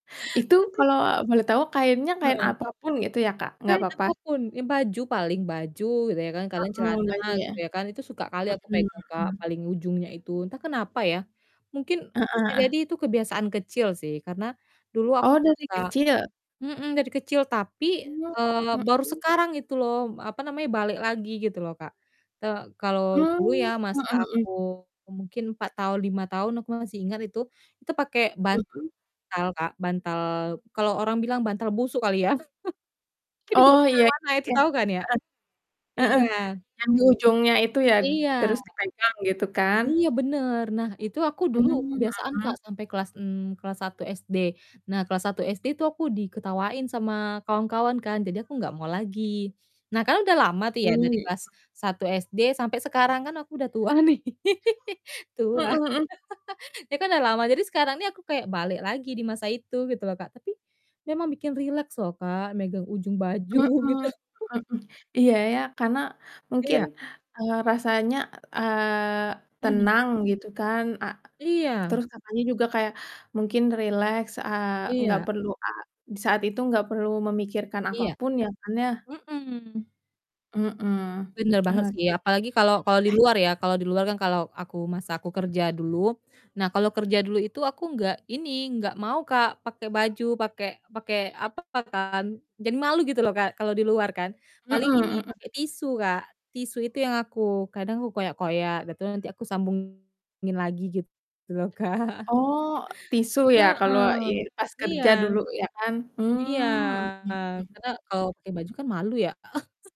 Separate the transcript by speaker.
Speaker 1: Itu
Speaker 2: Tapi
Speaker 1: kalau boleh tahu kainnya kain
Speaker 2: Heeh.
Speaker 1: apa pun gitu ya Kak, nggak
Speaker 2: Kain
Speaker 1: papa?
Speaker 2: apapun, ya baju paling, baju gitu ya kan, kadang
Speaker 1: Mhm,
Speaker 2: celana
Speaker 1: baju ya.
Speaker 2: gitu ya kan, itu suka kali aku
Speaker 1: Mhm
Speaker 2: pegang Kak,
Speaker 1: mhm.
Speaker 2: paling ujungnya itu. Entah kenapa ya, mungkin
Speaker 1: Heeh
Speaker 2: bisa jadi
Speaker 1: heeh.
Speaker 2: itu kebiasaan kecil sih karena dulu aku
Speaker 1: Oh, dari
Speaker 2: merasa
Speaker 1: kecil?
Speaker 2: mhm, dari kecil. Tapi,
Speaker 1: Oh,
Speaker 2: eee, baru
Speaker 1: mhm.
Speaker 2: sekarang itu loh, apa namanya, balik lagi gitu loh, Kak. Te kalau dulu ya
Speaker 1: Mmm,
Speaker 2: masa
Speaker 1: mhm mhm.
Speaker 2: aku mungkin 4 tahun, 5 tahun aku masih ingat itu, itu pakai bantal
Speaker 1: Mhm.
Speaker 2: Kak, bantal kalau orang bilang bantal busuk kali ya. Yang dibawa
Speaker 1: Oh, iya
Speaker 2: kemana-mana itu
Speaker 1: iya.
Speaker 2: tahu kan ya?
Speaker 1: Heeh. Heeh,
Speaker 2: Iya.
Speaker 1: yang di ujungnya itu ya?
Speaker 2: Iya.
Speaker 1: Terus dipegang gitu kan?
Speaker 2: Iya bener. Nah, itu aku dulu
Speaker 1: Mmm,
Speaker 2: kebiasaan Kak,
Speaker 1: mhm.
Speaker 2: sampai kelas en kelas 1 SD. Nah, kelas 1 SD itu aku diketawain sama kawan-kawan kan, jadi aku nggak mau lagi. Nah, kan udah lama tuh ya
Speaker 1: Mmm,
Speaker 2: dari kelas
Speaker 1: mhm.
Speaker 2: 1 SD sampai sekarang kan aku udah tua nih.
Speaker 1: Mhm
Speaker 2: Tua,
Speaker 1: mhm.
Speaker 2: ya kan udah lama. Jadi sekarang nih aku kayak balik lagi di masa itu gitu loh, Kak. Tapi memang bikin rileks loh, Kak megang ujung baju
Speaker 1: Mhm
Speaker 2: gitu.
Speaker 1: mhm. Iya, ya karena mungkin,
Speaker 2: Iya.
Speaker 1: eee, rasanya, eee,
Speaker 2: Mhm.
Speaker 1: tenang gitu kan. Eee,
Speaker 2: Iya.
Speaker 1: terus katanya juga kayak mungkin rileks, eee, nggak
Speaker 2: Iya.
Speaker 1: perlu a di saat itu nggak perlu memikirkan apa
Speaker 2: Iya.
Speaker 1: pun ya kan ya?
Speaker 2: Mhm.
Speaker 1: Mhm,
Speaker 2: Bener banget sih,
Speaker 1: oke.
Speaker 2: apalagi kalau kalau di luar ya. Kalau di luar kan kalau aku masa aku kerja dulu. Nah, kalau kerja dulu itu aku nggak ini, nggak mau Kak, pakai baju, pakai pakai apa kan, jadi malu gitu loh Kak, kalau di luar kan.
Speaker 1: Heeh
Speaker 2: Paling ini
Speaker 1: heeh.
Speaker 2: pakai tisu, Kak. Tisu itu yang aku kadang aku koyak-koyak dah itu nanti aku sambungin lagi gitu loh, Kak.
Speaker 1: Oh, tisu ya
Speaker 2: Heeh.
Speaker 1: kalau ye pas
Speaker 2: Iya.
Speaker 1: kerja dulu ya kan.
Speaker 2: Iya,
Speaker 1: Mmm, mhm mhm.
Speaker 2: karena kalau pakai baju kan malu ya.